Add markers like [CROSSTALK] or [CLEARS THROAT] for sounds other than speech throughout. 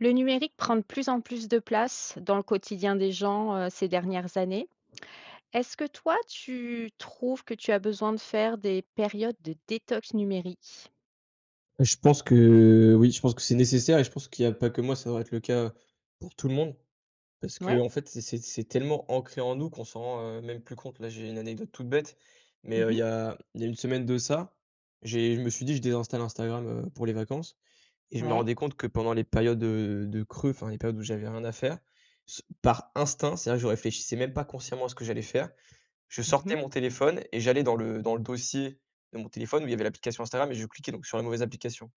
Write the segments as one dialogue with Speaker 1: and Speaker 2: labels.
Speaker 1: Le numérique prend de plus en plus de place dans le quotidien des gens, heu, ces dernières années. Est-ce que toi tu trouves que tu as besoin de faire des périodes de détox numérique?
Speaker 2: Je pense que, oui. Je pense que c'est nécessaire et je pense qu'il y a pas que moi, ça va devrait être le cas pour tout le monde. Parce
Speaker 1: Ouais.
Speaker 2: qu'en fait c'est c'est c'est tellement ancré en nous, qu'on s'en rend, heu, même plus compte. Là j'ai une anecdote toute bête, mais,
Speaker 1: Mmh
Speaker 2: heu, il y
Speaker 1: mh.
Speaker 2: a il y a une semaine de ça, j'ai je me suis dit: «Je désinstalle Instagram, heu, pour les vacances». Et je me
Speaker 1: Ouais.
Speaker 2: rendais compte que pendant les périodes, heu, de creux, enfin les périodes où j'avais rien à faire, s par instinct, c'est vrai que je réfléchissais même pas consciemment à ce que j'allais faire. Je
Speaker 1: Mmh mh.
Speaker 2: sortais mon téléphone et j'allais dans le dans le dossier de mon téléphone où il y avait l'application Instagram et je cliquais donc, sur la mauvaise application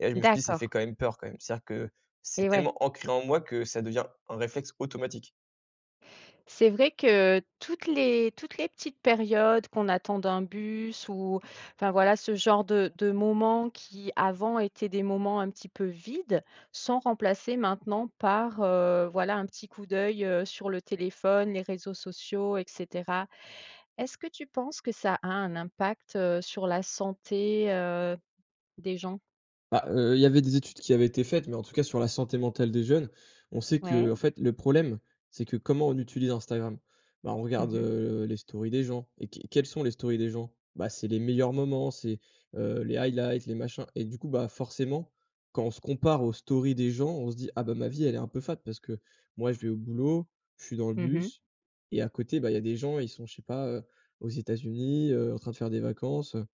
Speaker 2: et là, je me suis dit: «Ça
Speaker 1: D'accord.
Speaker 2: fait quand même peur quand même». C'est-à-dire que c'est
Speaker 1: Et ouais.
Speaker 2: tellement ancré en moi que ça devient un réflexe automatique.
Speaker 1: C'est vrai que, toutes les toutes les petites périodes, qu'on attende un bus ou enfin, voilà ce genre de de moments qui, avant étaient des moments un petit peu vides. Sont remplacés maintenant par, heu, voilà un petit coup d'œil, heu, sur le téléphone, les réseaux sociaux et cetera. Est-ce que tu penses que ça a un impact, heu, sur la santé, heu, des gens?
Speaker 2: Bah, heu, il y avait des études qui avaient été faites, mais en tout cas sur la santé mentale des jeunes, on sait que, heu, en
Speaker 1: Ouais.
Speaker 2: fait le problème, c'est que, comment on utilise Instagram? Bah, on
Speaker 1: Mmh
Speaker 2: regarde,
Speaker 1: mh.
Speaker 2: heu, les stories des gens et qu quelles sont les stories des gens? Bah, c'est les meilleurs moments, c'est, heu, les highlights, les machins et du coup bah, forcément, quand on se compare aux stories des gens, on se dit: «Ah bah ma vie elle est un peu fade, parce que moi je vais au boulot, je suis dans le
Speaker 1: Mmh mh.
Speaker 2: bus. Et à côté, bah, il y a des gens, ils sont je sais pas, heu, aux États-Unis, heu, en train de faire des vacances, heu».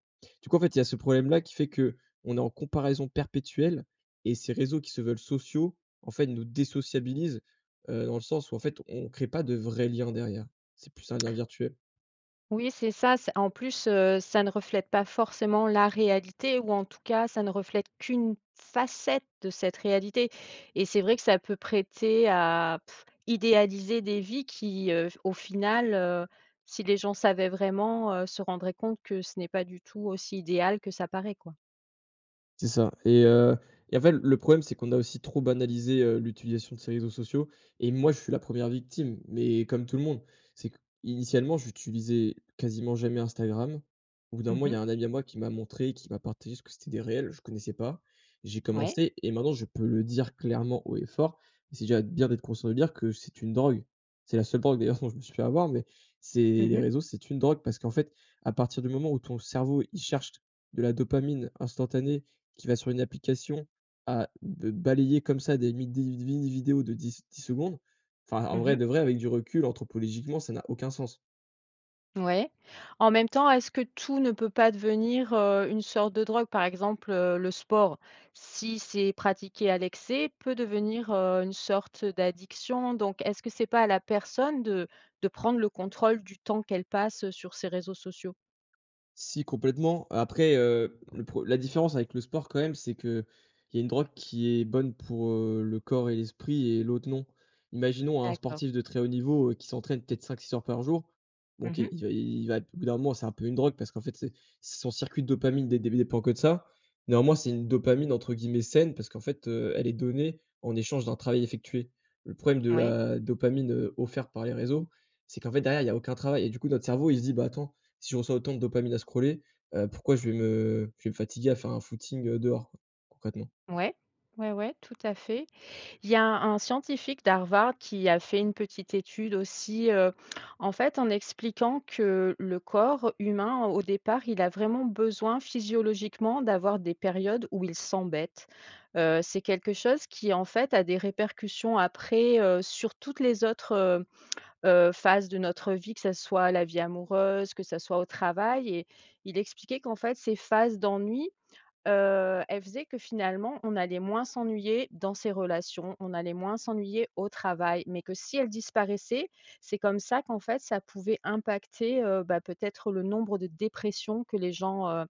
Speaker 2: Du coup en fait, il y a ce problème-là qui fait qu'on est en comparaison perpétuelle et ces réseaux qui se veulent sociaux, en fait nous désociabilisent, heu, dans le sens où en fait on crée pas de vrais liens derrière. C'est plus un lien virtuel.
Speaker 1: Oui c'est ça, c en plus, heu, ça ne reflète pas forcément la réalité. Ou en tout cas ça ne reflète qu'une facette de cette réalité. Et c'est vrai que ça peut prêter à idéaliser des vies. Qui, heu, au final, heu, si les gens savaient vraiment, heu, se rendraient compte que ce n'est pas du tout aussi idéal que ça paraît, quoi.
Speaker 2: C'est ça et heu, et en fait l le problème c'est qu'on a aussi trop banalisé, heu, l'utilisation de ces réseaux sociaux et moi je suis la 1re victime, mais comme tout le monde, c'est que initialement j'utilisais quasiment jamais Instagram, au bout d'un
Speaker 1: Mmh
Speaker 2: moment, il y
Speaker 1: mh.
Speaker 2: a un ami à moi qui m'a montré, qui m'a partagé ce que c'était des reels, je connaissais pas. J'ai
Speaker 1: Ouais.
Speaker 2: commencé et maintenant je peux le dire clairement haut et fort- et c'est déjà bien d'être conscient, de dire- que c'est une drogue. C'est la seule drogue d'ailleurs dont je me suis fait avoir, mais c'est
Speaker 1: Mmh
Speaker 2: les
Speaker 1: mh.
Speaker 2: réseaux c'est une drogue parce qu'en fait à partir du moment où ton cerveau, il cherche de la dopamine instantanée qui va sur une application à b balayer comme ça des mi des v vi vidéos de dix dix secondes, enfin, en
Speaker 1: Mmh
Speaker 2: vrai
Speaker 1: mh.
Speaker 2: de vrai avec du recul, anthropologiquement, ça n'a aucun sens.
Speaker 1: Ouais. En même temps, est-ce que tout ne peut pas devenir, heu, une sorte de drogue? Par exemple, heu, le sport, si c'est pratiqué à l'excès peut devenir, heu, une sorte d'addiction donc est-ce que c'est pas à la personne de de prendre le contrôle du temps qu'elle passe sur ces réseaux sociaux?
Speaker 2: Si complètement après, heu, le pre la différence avec le sport quand même c'est qu'il y a une drogue qui est bonne pour, heu, le corps et l'esprit et l'autre non. Imaginons un
Speaker 1: D'accord.
Speaker 2: sportif de très haut niveau, heu, qui s'entraîne peut-être 5-6 heures par jour.
Speaker 1: Mmh
Speaker 2: OK,
Speaker 1: mh.
Speaker 2: il va il va p au bout d'un moment, c'est un peu une drogue parce qu'en fait c'est si son circuit de dopamine dés le début dépend que de ça, néanmoins c'est une dopamine entre guillemets «saine», parce qu'en fait, heu, elle est donnée en échange d'un travail effectué. Le problème de
Speaker 1: Oui.
Speaker 2: la, dopamine, heu, offerte par les réseaux, c'est qu'en fait derrière, il y a aucun travail et du coup notre cerveau il se dit: «Bah attends, si je reçois autant de dopamine à scroller, heu, pourquoi je vais me je vais me fatiguer à faire un footing, heu, dehors, quoi?», concrètement.
Speaker 1: Ouais. Ouais, ouais, tout à fait. Il y a un scientifique d'Harvard qui a fait une petite étude aussi, heu, en fait, en expliquant que le corps humain, au départ, il a vraiment besoin physiologiquement d'avoir des périodes où il s'embête. Heu, c'est quelque chose qui en fait a des répercussions après, heu, sur toutes les autres, heu heu, phases de notre vie, que ça soit la vie amoureuse, que ça soit au travail et il expliquait qu'en fait ces phases d'ennui, heu, elles faisaient que finalement on allait moins s'ennuyer dans ses relations, on allait moins s'ennuyer au travail, mais que si elles disparaissaient, c'est comme ça qu'en fait ça pouvait impacter, heu, bah, peut-être le nombre de dépressions que les gens, heu,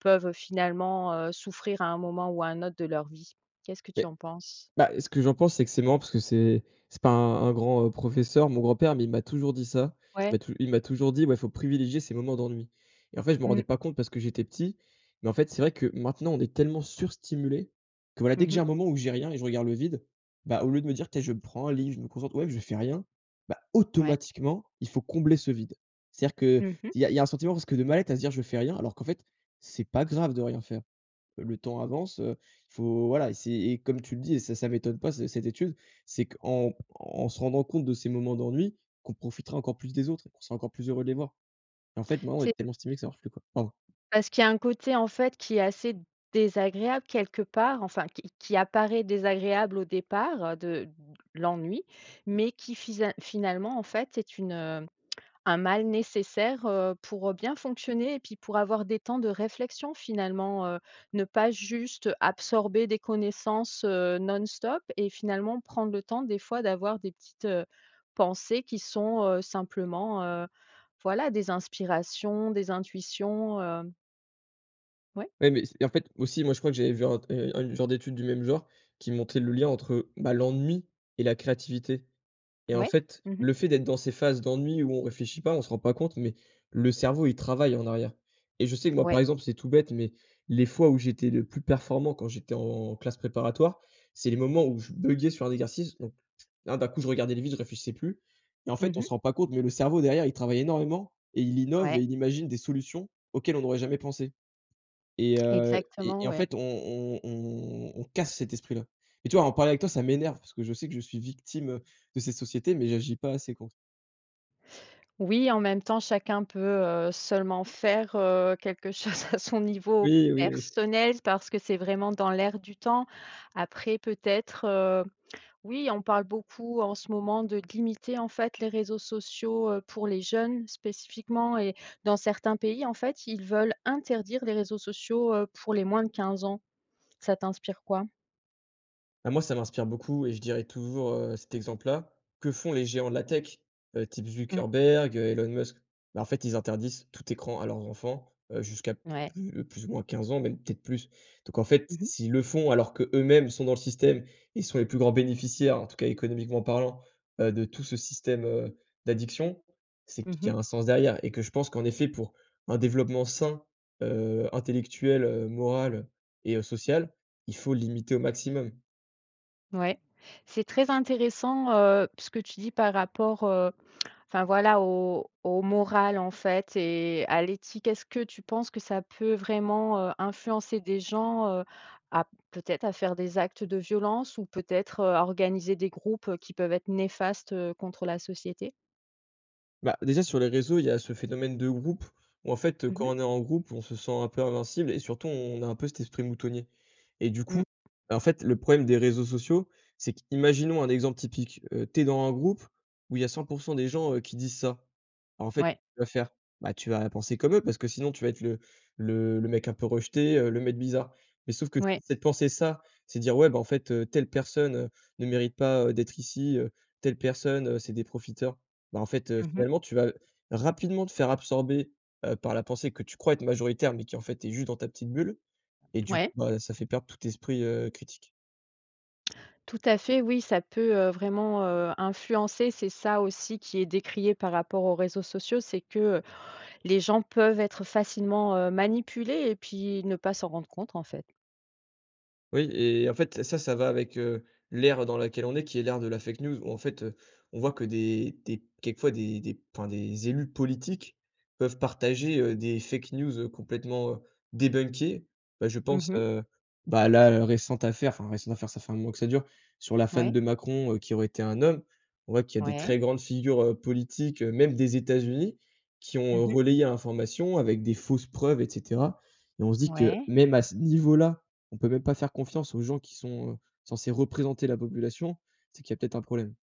Speaker 1: peuvent finalement, heu, souffrir à un moment ou à un autre de leur vie. Qu'est-ce que tu
Speaker 2: Beh,
Speaker 1: en penses?
Speaker 2: bah, ce que j'en pense c'est que c'est marrant parce que c'est c'est pas un un grand, heu, professeur, mon grand-père, mais il m'a toujours dit ça, il m'a
Speaker 1: Ouais.
Speaker 2: tou il m'a toujours dit, ouais: «Faut privilégier ses moments d'ennui» et en fait, je m'en rendais
Speaker 1: Mmh.
Speaker 2: pas compte parce que j'étais petit, mais en fait, c'est vrai que maintenant on est tellement sur-stimulés que, voilà, dès
Speaker 1: Mmh
Speaker 2: que j'ai
Speaker 1: mh.
Speaker 2: un moment où j'ai rien et je regarde le vide, bah, au lieu de me dire: «Tiens! Je me prends un livre, je me concentre, ou même, je fais rien». Bah
Speaker 1: Ouais.
Speaker 2: automatiquement, il faut combler ce vide. C'est-à-dire qu'il
Speaker 1: Mmh mh.
Speaker 2: y a il y a un sentiment presque de mal-être à se dire: «Je fais rien», alors qu'en fait, c'est pas grave de rien faire. Le temps avance, heu, faut voilà et c'est et comme tu le dis et ça ça m'étonne pas c cette étude. C'est qu'en en se rendant compte de ces moments d'ennui, qu'on profitera encore plus des autres et qu'on sera encore plus heureux de les voir et en fait, maintenant, on
Speaker 1: C'est
Speaker 2: est tellement stimulés que ça marche plus, quoi. Pardon.
Speaker 1: parce qu'il y a un côté en fait qui est assez désagréable quelque part, enfin qui qui apparaît désagréable au départ de l'ennui, mais qui fisa finalement en fait est une, heu, un mal nécessaire, heu, pour, heu, bien fonctionner et puis pour avoir des temps de réflexion, finalement, heu, ne pas juste absorber des connaissances, heu, non-stop et finalement prendre le temps des fois d'avoir des petites, heu, pensées qui sont, heu, simplement, heu, voilà, des inspirations, des intuitions, hem Ouais?
Speaker 2: Ouais, mais ce et en fait aussi moi, je crois que j'avais vu un t heu, un une genre d'étude du même genre qui montait le lien entre, heu, bah, l'ennui et la créativité et en
Speaker 1: Ouais.
Speaker 2: fait,
Speaker 1: Mmh mh.
Speaker 2: le fait d'être dans ces phases d'ennui où on réfléchit pas, on se rend pas compte, mais le cerveau il travaille en arrière et je sais que moi, par
Speaker 1: Ouais.
Speaker 2: exemple, c'est tout bête, mais, les fois où j'étais le plus performant quand j'étais en classe préparatoire, c'est les moments où je buggais sur un exercice, donc là, d'un coup, je regardais les vitres, je réfléchissais plus, mais en
Speaker 1: Mmh
Speaker 2: fait, on
Speaker 1: mh.
Speaker 2: se rend pas compte, mais le cerveau derrière, il travaille énormément et il innove et
Speaker 1: Ouais.
Speaker 2: il imagine des solutions, auxquelles on n'aurait jamais pensé et heu, et
Speaker 1: Exactement,
Speaker 2: et en
Speaker 1: ouais.
Speaker 2: fait on on on on casse cet esprit-là et tu vois? En parler avec toi, ça m'énerve, parce que je sais que je suis victime, heu, de cette société, mais j'agis pas assez contre.
Speaker 1: Oui, en même temps, chacun peut, heu, seulement faire, heu, quelque chose à son niveau
Speaker 2: Oui, oui, oui.
Speaker 1: personnel parce que c'est vraiment dans l'air du temps. Après peut-être, heu, oui, on parle beaucoup, en ce moment, de limiter, en fait, les réseaux sociaux, heu, pour les jeunes spécifiquement et dans certains pays, en fait, ils veulent interdire les réseaux sociaux, heu, pour les moins de 15 ans. Ça t'inspire quoi?
Speaker 2: Ah moi, ça m'inspire beaucoup et je dirais toujours, heu, cet exemple-là, que font les géants de la tech? Heu type
Speaker 1: Mmh.
Speaker 2: Zuckerberg, heu, Elon Musk? Bah, en fait, ils interdisent tout écran à leurs enfants, heu, jusqu'à pl
Speaker 1: Ouais.
Speaker 2: plus plus ou moins 15 ans, même peut-être plus. Donc en fait,
Speaker 1: Mmh
Speaker 2: s
Speaker 1: mh.
Speaker 2: s'ils le font, alors qu'eux-mêmes sont dans le système et sont les plus grands bénéficiaires, en tout cas, économiquement parlant, heu, de tout ce système, heu, d'addiction, c'est
Speaker 1: Mmh
Speaker 2: qu'il y
Speaker 1: mh.
Speaker 2: a un sens derrière et que je pense qu'en effet, pour un développement sain, heu, intellectuel, heu, moral et heu, social, il faut limiter au maximum.
Speaker 1: Ouais. C'est très intéressant, heu, ce que tu dis par rapport, heu, enfin, voilà, aux aux morales, en fait, et à l'éthique, est-ce que tu penses que ça peut vraiment, heu, influencer des gens, heu, à peut-être à faire des actes de violence ou peut-être, heu, à organiser des groupes, heu, qui peuvent être néfastes, heu, contre la société?
Speaker 2: Bah, déjà sur les réseaux, il y a ce phénomène de groupe, où en fait, heu,
Speaker 1: Mmh
Speaker 2: quand
Speaker 1: mh.
Speaker 2: on est en groupe, on se sent un peu invincible et surtout on a un peu cet esprit moutonnier et du coup,
Speaker 1: Mmh.
Speaker 2: bah en fait le problème des réseaux sociaux, c'est qu'imaginons un exemple typique. Heu, tu es dans un groupe où il y a 100% des gens, heu, qui disent ça. Bah en fait,
Speaker 1: Ouais.
Speaker 2: tu vas faire bah tu vas penser comme eux parce que sinon tu vas être le le le mec un peu rejeté. Heu, le mec bizarre mais sauf que si
Speaker 1: Ouais.
Speaker 2: c'est de penser ça c'est dire: «Ouais, bah, en fait, heu, telle personne, heu, ne mérite pas, heu, d'être ici, heu, telle personne, heu, c'est des profiteurs». Bah, en fait, heu,
Speaker 1: Mmh mh.
Speaker 2: finalement tu vas rapidement te faire absorber, heu, par la pensée que tu crois être majoritaire. Mais qui en fait est juste dans ta petite bulle et du coup
Speaker 1: Ouais.
Speaker 2: bah, ça fait perdre tout esprit, heu, critique.
Speaker 1: Tout à fait oui. Ça peut, heu, vraiment, heu, influencer. C'est ça aussi qui est décrié par rapport aux réseaux sociaux, c'est que, heu, les gens peuvent être facilement, heu, manipulés et puis ne pas s'en rendre compte en fait.
Speaker 2: Oui et en fait ça, ça va avec, heu, l'ère dans laquelle on est, qui est l'ère de la fake news où en fait, heu, on voit que des des p quelquefois des des p enfin des élus politiques peuvent partager, heu, des fake news, heu, complètement débunkés. Bah, je
Speaker 1: Mmh
Speaker 2: pense,
Speaker 1: mh.
Speaker 2: heu, bah, là à la récente affaire- enfin récente affaire, ça fait 1 mois que ça dure- sur la femme
Speaker 1: Ouais.
Speaker 2: de Macron, heu, qui aurait été un homme. On voit qu'il y a des
Speaker 1: Ouais.
Speaker 2: très grandes figures, heu, politiques, heu, même des États-Unis, qui
Speaker 1: Mmh
Speaker 2: ont
Speaker 1: mh.
Speaker 2: relayé l'information avec des fausses preuves et cetera et on se dit que
Speaker 1: Ouais.
Speaker 2: même à ce niveau là, on peut même pas faire confiance aux gens qui sont, heu, censés représenter la population. C'est qu'il y a peut-être un problème.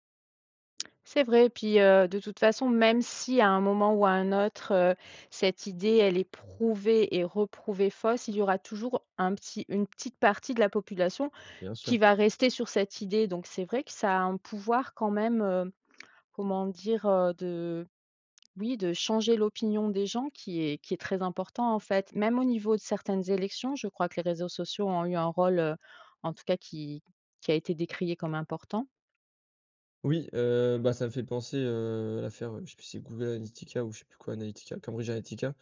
Speaker 1: C'est vrai, puis, heu, de toute façon, même si, à un moment ou à un autre, heu, cette idée, elle est prouvée et re-prouvée fausse. Il y aura toujours un petit une petite partie de la population
Speaker 2: Bien sûr.
Speaker 1: qui va rester sur cette idée donc c'est vrai que ça a un pouvoir quand même, hem, comment dire? Heu, de oui, de changer l'opinion des gens qui est qui est très important, en fait. Même au niveau de certaines élections, je crois que les réseaux sociaux ont eu un rôle, heu, en tout cas, qui qui a été décrié comme important.
Speaker 2: Oui, heu, bah, ça me fait penser, heu, à l'affaire, heu, je sais plus si c'est Google Analytica ou je sais plus quoi, Analytica, Cambridge Analytica,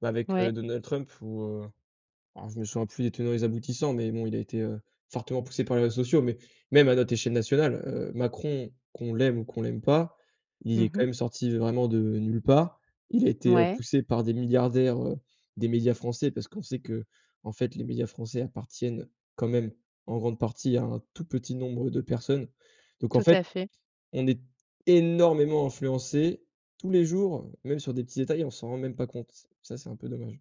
Speaker 2: bah avec,
Speaker 1: Ouais.
Speaker 2: heu, Donald Trump où heu, alors je me souviens plus les tenants et les aboutissants, mais bon, il a été, heu, fortement poussé par les réseaux sociaux mais même à notre échelle nationale, heu, Macron qu'on l'aime ou qu'on l'aime pas. Il
Speaker 1: Mmh
Speaker 2: est quand
Speaker 1: mh.
Speaker 2: même sorti vraiment de nulle part, il a été, heu,
Speaker 1: Ouais.
Speaker 2: poussé par des milliardaires, heu, des médias français parce qu'on sait qu'en fait, les médias français appartiennent, quand même, en grande partie, à un tout petit nombre de personnes donc en
Speaker 1: Tout
Speaker 2: fait,
Speaker 1: à fait.
Speaker 2: on est énormément influencés, tous les jours, même sur des petits détails. On s'en rend même pas compte. Ça, c'est un peu dommage.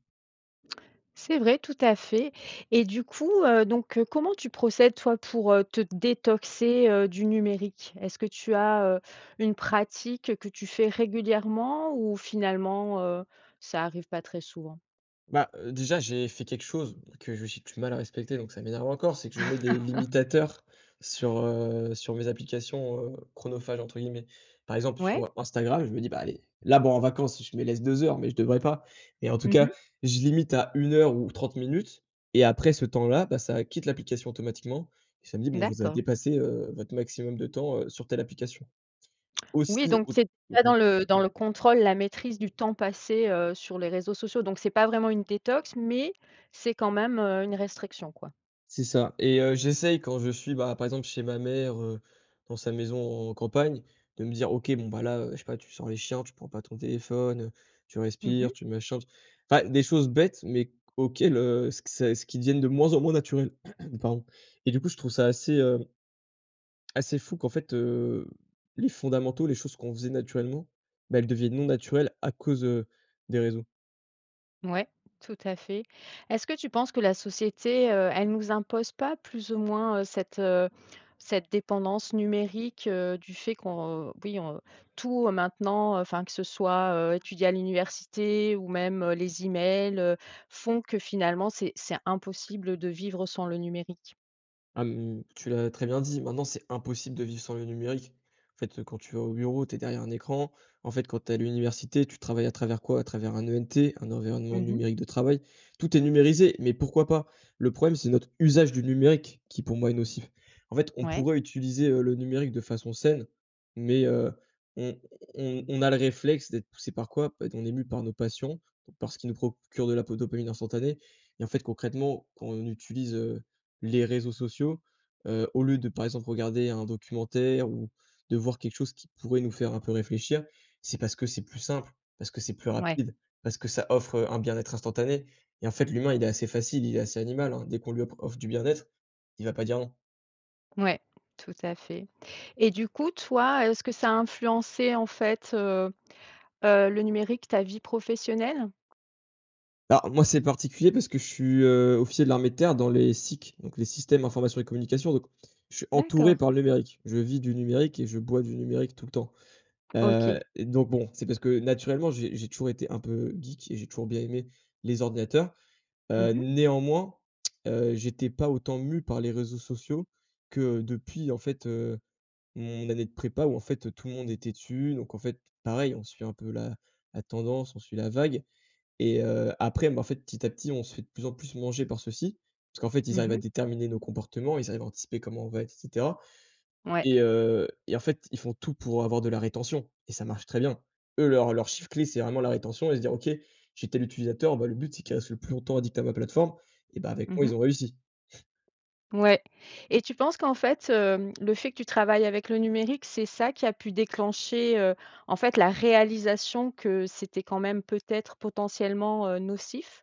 Speaker 1: C'est vrai. Tout à fait et du coup, heu, donc, heu, comment tu procèdes, toi, pour, heu, te détoxer, heu, du numérique? Est-ce que tu as, heu, une pratique que tu fais régulièrement ou finalement, heu, ça arrive pas très souvent?
Speaker 2: Bah, heu, déjà, j'ai fait quelque chose, que je j'ai du mal à respecter donc ça m'énerve encore. C'est que je mets des
Speaker 1: [LAUGHS]
Speaker 2: limitateurs sur, heu, sur mes applications, heu «chronophages» entre guillemets. Par exemple, sur
Speaker 1: Ouais.
Speaker 2: Instagram, je me dis: «Bah, allez, là, bon, en vacances, je me laisse 2 heures» mais je devrais pas. Et en tout
Speaker 1: Mmh
Speaker 2: cas,
Speaker 1: mh.
Speaker 2: je limite à 1 heure ou 30 minutes, et après ce temps-là, bah, ça a quitte l'application automatiquement et ça me dit: «Bon, vous avez
Speaker 1: D'accord.
Speaker 2: dépassé, heu, votre maximum de temps, heu, sur telle application».
Speaker 1: Oui.
Speaker 2: Aussi,
Speaker 1: Donc,
Speaker 2: autre
Speaker 1: [UNINTELLIGIBLE]
Speaker 2: [UNINTELLIGIBLE]
Speaker 1: dans le dans le contrôle, la maîtrise du temps passé, heu, sur les réseaux sociaux donc, c'est pas vraiment une détox, mais, c'est quand même, heu, une restriction, quoi.
Speaker 2: C'est ça et heu, j'essaie quand je suis, bah, par exemple, chez ma mère, heu, dans sa maison en campagne, de me dire: «OK. Bon, bah, là, heu, je sais pas, tu sors les chiens. Tu prends pas ton téléphone, heu, tu
Speaker 1: Mmh mh.
Speaker 2: respires, tu machin». Enfin, des choses bêtes, mais auxquelles, heu, s q c'est ce qui deviennent de moins en moins naturelles. [CLEARS THROAT] Pardon et du coup, je trouve ça assez, hem, assez fou qu'en fait, heu, les fondamentaux, les choses qu'on faisait naturellement, bah, elles deviennent non naturelles à cause, heu, des réseaux.
Speaker 1: Ouais. Tout à fait. Est-ce que tu penses que la société, heu, elle nous impose pas, plus ou moins, heu, cette, heu, cette dépendance numérique, heu, du fait qu'on oui, on tout, heu, maintenant, heu, enfin, que ce soit, heu, étudier à l'université, ou même, heu, les e-mails, heu, font que, finalement, c'est c'est impossible de vivre sans le numérique?
Speaker 2: Ah, hem, tu l'as très bien dit, maintenant c'est impossible de vivre sans le numérique. En fait, heu, quand tu vas au bureau, tu es derrière un écran, en fait, quand tu es à l'université, tu travailles à travers quoi? À travers un ENT, un environnement
Speaker 1: Mmh mh.
Speaker 2: numérique de travail. Tout est numérisé, mais pourquoi pas? Le problème, c'est notre usage du numérique qui, pour moi, est nocif. En fait, on
Speaker 1: Ouais.
Speaker 2: pourrait utiliser, heu, le numérique de façon saine mais, heu, on on on a le réflexe d'être poussé par quoi? Bah, on est mûs par nos passions, donc par ce qui nous procure de la po dopamine instantanée. Et en fait, concrètement, quand on utilise, heu, les réseaux sociaux, heu, au lieu de, par exemple, regarder un documentaire ou de voir quelque chose qui pourrait nous faire un peu réfléchir, c'est parce que c'est plus simple, parce que c'est plus
Speaker 1: Ouais.
Speaker 2: rapide, parce que ça offre, heu, un bien être instantané. Et en fait, l'humain il est assez facile, il est assez animal, hein, dès qu'on lui op offre du bien être, il va pas dire non.
Speaker 1: Ouais, tout à fait. Et du coup, toi, est ce que ça a influencé, en fait, heu heu, le numérique ta vie professionnelle?
Speaker 2: Bah, moi, c'est particulier, parce que je suis, heu, officier de l'armée de terre dans les SIC, donc les systèmes informations et communication, donc je suis entouré
Speaker 1: D'accord.
Speaker 2: par le numérique. Je vis du numérique et je bois du numérique, tout le temps. Heu,
Speaker 1: OK.
Speaker 2: donc bon, c'est parce que, naturellement, j'ai j'ai toujours été un peu geek et j'ai toujours bien aimé les ordinateurs.
Speaker 1: Mmh
Speaker 2: Heu,
Speaker 1: mh.
Speaker 2: néanmoins, heu, j'étais pas autant mû par les réseaux sociaux que depuis en fait, heu, mon année de prépa où en fait, heu, tout le monde était dessus. Donc en fait, pareil, on suit un peu la la tendance, on suit la vague. Et heu, après mais en fait, petit à petit, on se fait de plus en plus manger par ceux-ci, parce qu'en fait, ils
Speaker 1: Mmh
Speaker 2: arrivent
Speaker 1: mh.
Speaker 2: à déterminer nos comportements, ils arrivent à anticiper comment on va être et cetera.
Speaker 1: Ouais.
Speaker 2: Et heu, et en fait, ils font tout pour avoir de la rétention et ça marche très bien. Eux, leur leur chiffre clé, c'est vraiment la rétention et se dire: «OK, j'ai tel utilisateur, bah, le but c'est qu'il reste le plus longtemps addict à ma plateforme» et bah, avec
Speaker 1: Mmh
Speaker 2: moi,
Speaker 1: mh.
Speaker 2: ils ont réussi. [CHUCKLES]
Speaker 1: Ouais. Et tu penses qu'en fait, hem, le fait, que tu travailles avec le numérique, c'est ça qui a pu déclencher, heu, en fait, la réalisation que c'était, quand même, peut-être, potentiellement, heu, nocif?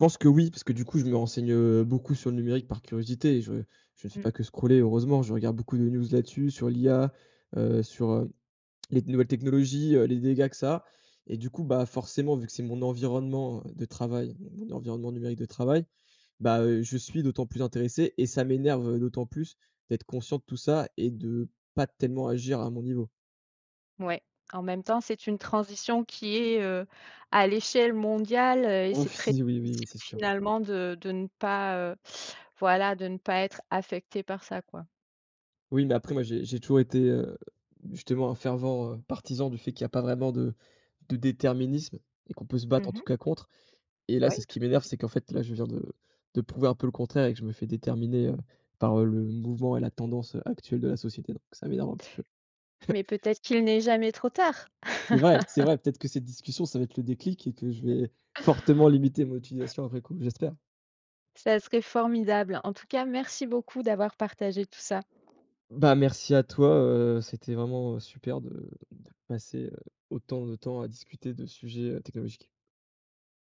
Speaker 2: Je pense que oui, parce que, du coup, je me renseigne beaucoup sur le numérique par curiosité et je je ne fais
Speaker 1: Mmh.
Speaker 2: pas que scroller, heureusement, je regarde beaucoup de news là-dessus, sur l'IA, heu, sur, heu, les nouvelles technologies, heu, les dégâts que ça a, et du coup, bah, forcément, vu que c'est mon environnement, heu, de travail, donc mon environnement numérique de travail, bah, heu, je suis d'autant plus intéressé et ça m'énerve, heu, d'autant plus d'être conscient de tout ça et de pas tellement agir à mon niveau.
Speaker 1: Ouais, en même temps, c'est une transition qui est, heu, à l'échelle mondiale, heu, et
Speaker 2: Oh
Speaker 1: c'est
Speaker 2: f
Speaker 1: très
Speaker 2: si, oui, oui,
Speaker 1: difficile,
Speaker 2: c'est sûr.
Speaker 1: finalement, de de ne pas, heu, voilà, de ne pas être affecté par ça, quoi.
Speaker 2: Oui, mais après, moi, j'ai j'ai toujours été, heu, justement, un fervent, heu, partisan du fait qu'il y a pas vraiment de de déterminisme et qu'on peut se
Speaker 1: Mmh
Speaker 2: battre, en
Speaker 1: mh.
Speaker 2: tout cas, contre. Et là,
Speaker 1: Ouais,
Speaker 2: c'est ce
Speaker 1: tout
Speaker 2: qui
Speaker 1: à
Speaker 2: m'énerve,
Speaker 1: fait.
Speaker 2: c'est qu'en fait, là, je viens de de prouver un peu le contraire et que je me fais déterminer, heu, par heu, le mouvement et la tendance, heu, actuelle de la société donc ça m'énerve un petit peu. [CHUCKLES]
Speaker 1: Mais, peut-être qu'il n'est jamais trop tard?
Speaker 2: C'est vrai! C'est vrai! Peut-être que cette discussion ça va être le déclic et que je
Speaker 1: [LAUGHS]
Speaker 2: vais fortement limiter mon utilisation après coup. J'espère!
Speaker 1: Ça serait formidable. En tout cas, merci beaucoup d'avoir partagé tout ça.
Speaker 2: Bah, merci à toi, heu, c'était vraiment, heu, super de de passer, heu, autant de temps à discuter de sujets, heu, technologiques.